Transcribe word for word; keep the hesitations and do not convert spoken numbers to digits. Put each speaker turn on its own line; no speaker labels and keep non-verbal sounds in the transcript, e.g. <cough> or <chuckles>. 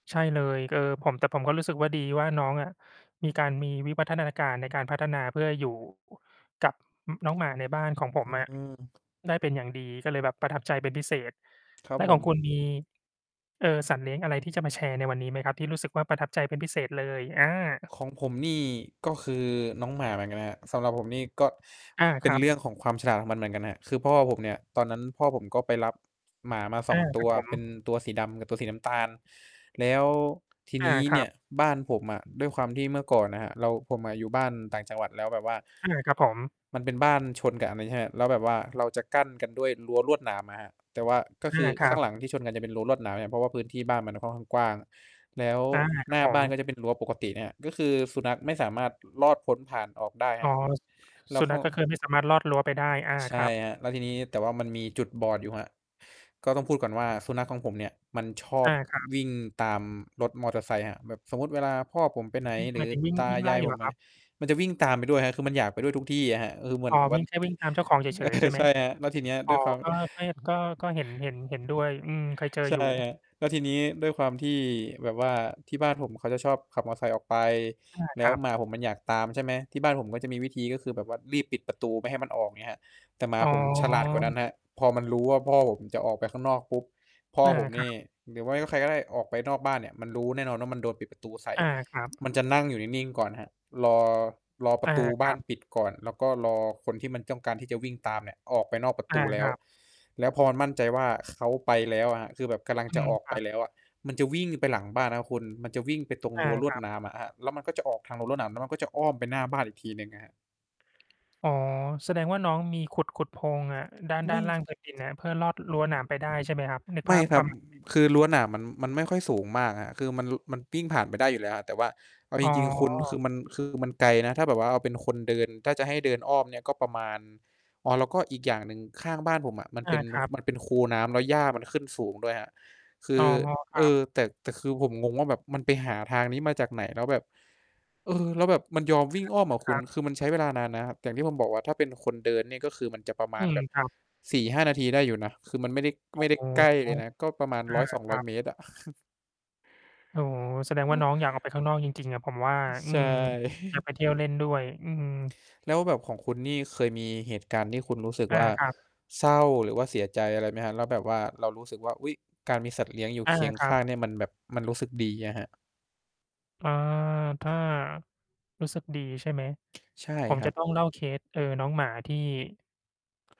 ใช่เลย ก เออ ผม แต่ผมก็รู้สึกว่า ดีว่าน้องอะมีการ มีวิวัฒนาการในการพัฒนาเพื่ออยู่ กับ อืม น้องหมาในบ้านของผม
อ
อะ
ือ
ได้เป็นอย่างดี ก็เลยแบบประทับใจเป็นพิเศษ
ครั
แ
บ
ล้ว
ผ
ของ
ม
คุณมี เอ่อ สัตว์เลี้ยงอะไรที่จะมาแชร์ในวันนี้ไหมครับ? ที่รู้สึกว่า ประทับใจเป็นพิเศษเลย อา
ของผมนี่ ก็คือน้องหมาเหมือนกันนะครับ สำหรับผมนี่ก็
อา
เป
ค
็
ร
น
ับ
เรื่องของความฉลาดของมันเหมือนกันครับ คือพ่อผมเนี่ย ตอนนั้นพ่อผมก็ไปรับ หมามา ส
อ
อ
า
ง ต
คร
ั
ับ
ว
ผ
เป็
ม
นตัวสีดำกับตัวสีน้ำตาล แล้ว ที
อ
น
า
ี้
คร
เ
ั
นี่
บ
ยบ้านผมอะ ด้วยความที่เมื่อก่อนน่ะครับ เรา ผมอะอยู่บ้านต่างจังหวัด แล้วแบบว่า
อา ครับผม
มันเป็นบ้านชนกับอันนี้ ใช่ไหมครับ แล้วแบบว่าเราจะกั้นกันด้วยรั้วลวดหนามอะครับ แต่ว่าก็
อ
ค
า
ือ
คร
ข
ั
้าง
บ
หลังที่ชนกันจะเป็นรั้วลวดหนามเนี่ย เพราะว่าพื้นที่บ้านมันค่อนกว้างอะ แล้ว
อา คร
ห
ั
น
บ
้า
ผ
บ้า
ม
นก็จะเป็นรั้วปกติเนี่ยอะ ก็คือสุนัขไม่สามารถ ลอดพ้นผ่านออกได้
อ
คร
๋
ั
อ
บ
สุ
แล้
สุ
วเข
นั
า
ขก็คือไม่สามารถลอดรั้วไปได้ อา
ใช
คร
่
ับ
ครับ แล้วทีนี้ แต่ว่ามันมีจุดบอดอยู่ครับ ก็ต้องพูดก่อนว่า สุนัขของผมเนี่ยยมันชอ
อ
บ
า ครับ
วิ่งตามรถมอเตอร์ไซค์ครับ แบบสมมุติเวลาพ่อผมไปไหน
วี่
ห
ห
ร
ม
ื
า
อ
ยถึง วิ่ง
ตา
วิ่ง
ย
ไล่
าย
เ
ผ
หร
ม
อ
ไป
ครับ?
มันจะวิ่งตามไปด้วยครับ คือมันอยากไปด้วยทุกที่อะครับ เออ เหมื
อ๋
อน
อ
แบบ
ว
ว่า
ิ่ง แค่
ต
ว
ึ
ิ่งตามเจ้าของเฉ
เอ
ย ๆ ใ
อ
ช่ไห
ใ
ม?
ช่ครับ แล้วทีเนี้ย
อ๋
ด
อ
้วยความ
ก็ ก็ ย ก็ ก็เห็น เห็น เห็นด้วย อืม เคยเจอ
ใช
อยู่
่ครับ แล้วทีนี้ด้วยความที่แบบว่าที่บ้านผมเขาจะชอบขับมอไซค์ออกไป
อา
แล
ค
้
ร
ว
ั
หมา
บ
ผมมันอยากตามใช่ไหม ที่บ้านผมก็จะมีวิธีก็คือแบบว่ารีบปิดประตูไม่ให้มันออก เงี้ยครับ แต่หมา
อ๋
ผมฉลาดกว่านั้นครับ
อ
พอมันรู้ว่า พ่อผมจะออกไปข้างนอกปุ๊บ พ่อ
อา
ผม
ค
น
รั
ี่
บ
หรือไม่ว่าใครก็ได้ออกไปนอกบ้านเนี่ย มันรู้แน่นอนว่า มันโดนปิดประตูใส่
อา ครับ
มันจะนั่งอยู่นิ่ง ๆ ก่อนครับ รอ รอป
อ
ร
า
ะตู
ค
บ้
ร
า
ั
น
บ
ปิดก่อน แล้วก็รอคนที่มันต้องการที่จะวิ่งตามเนี่ยออกไปนอกประ
อ
ต
า
ูแล้
ค
ว
รับ
แล้วพอมันมั่นใจว่า เขาไปแล้วอะครับ คือแบบกำลัง
อื
จะ
ม
ออก
ค
ไ
ร
ป
ับ
แล้วอะ มันจะวิ่งไปหลังบ้านครับคุณ มันจะวิ่งไปตรง
อ
ร
า
ั้วล
ค
ว
ร
ด
ับ
หนามอะครับ แล้วมันก็จะออกทางรั้วลวดหนาม แล้วมันก็จะอ้อมไปหน้าบ้านอีกทีหนึ่งอะครับ
อ๋อ แสดงว่า น้องมีขุด ๆ โพรงอะ ด้าน ด
ไ
้
ม
า
่
นล่าง พื้นดิน น่ะครับ เพื่อลอดรั้วหนามไปได้ ใช่ไหมครับ? นึก
ไม
ภ
่
าพ
คร
ป
ั
ร
บ
ะม
อ
าณนี้
คือรั้วหนามมัน มันไม่ค่อยสูงมากครับ คือมัน ร มันปิ้ง ผ่านไปได้อยู่แล้วครับ แต่ว่าเอา
อ
จ
๋อ
ริง ๆ คุณ คือมัน คือมันไกลนะ ถ้าแบบว่าเอาเป็นคนเดิน ถ้าจะให้เดินอ้อมเนี่ยก็ประมาณ อ๋อ แล้วก็อีกอย่างหนึ่ง ข้างบ้านผมอะมัน
อ
เป
า
็น
ค
น
ร
ค
ั
ุ
บ
มันเป็นคูน้ำ แล้วหญ้ามันขึ้นสูงด้วยครับ คื
อ๋อ
อ
คร
เอ
ับ
อ แต่ แต่คือผมงงว่า แบบมันไปหาทางนี้มาจากไหน? แล้วแบบ เออ แล้วแบบมันยอม
อ
วิ่งอ้อม
า
อะ
ค
คุ
รั
ณ
บ
คือมันใช้เวลานานนะครับ อย่างที่ผมบอกว่า ถ้าเป็นคนเดินเนี่ยก็คือมันจะประม
อ
า
ื
ณ
ม
แบบ
ครับ
สี่ห้า นาที ได้อยู่นะ คือมันไม่ได้
อ
ไ
๋
ม่ได้
อ
ใกล้เ
อ
ล
า
ยนะ ก็ประมาณ ร้อยสอง
ค
ร้
ร
อ
ั
ย
บ
เมตรอะ <chuckles>
โอ้โฮ แสดง
อื
ว่
อ
าน้องอยากออกไปข้างนอกจริง ๆ อะผมว่า
อือ
อื
ใช่
ม อยาก
<chuckles>
ไปเที่ยวเล่นด้วย อืม
แล้วแบบของคุณนี่เคยมีเหตุการณ์ที่คุณรู้สึก
อา
ว่า
ครับ
เศร้าหรือว่าเสียใจอะไรไหมครับ? แล้วแบบว่าเรารู้สึกว่า อุ๊ย การมีสัตว์เลี้ยงอยู่
อ
เ
า
คียง
คร
ข
ับ
้างเนี่ยมันแบบมันรู้สึกดีอะครับ
อา ถ้ารู้สึกดี ใช่ไหม?
ใช่
ผม
ครั
จะ
บ
ต้องเล่าเคส เอ่อ น้องหมาที่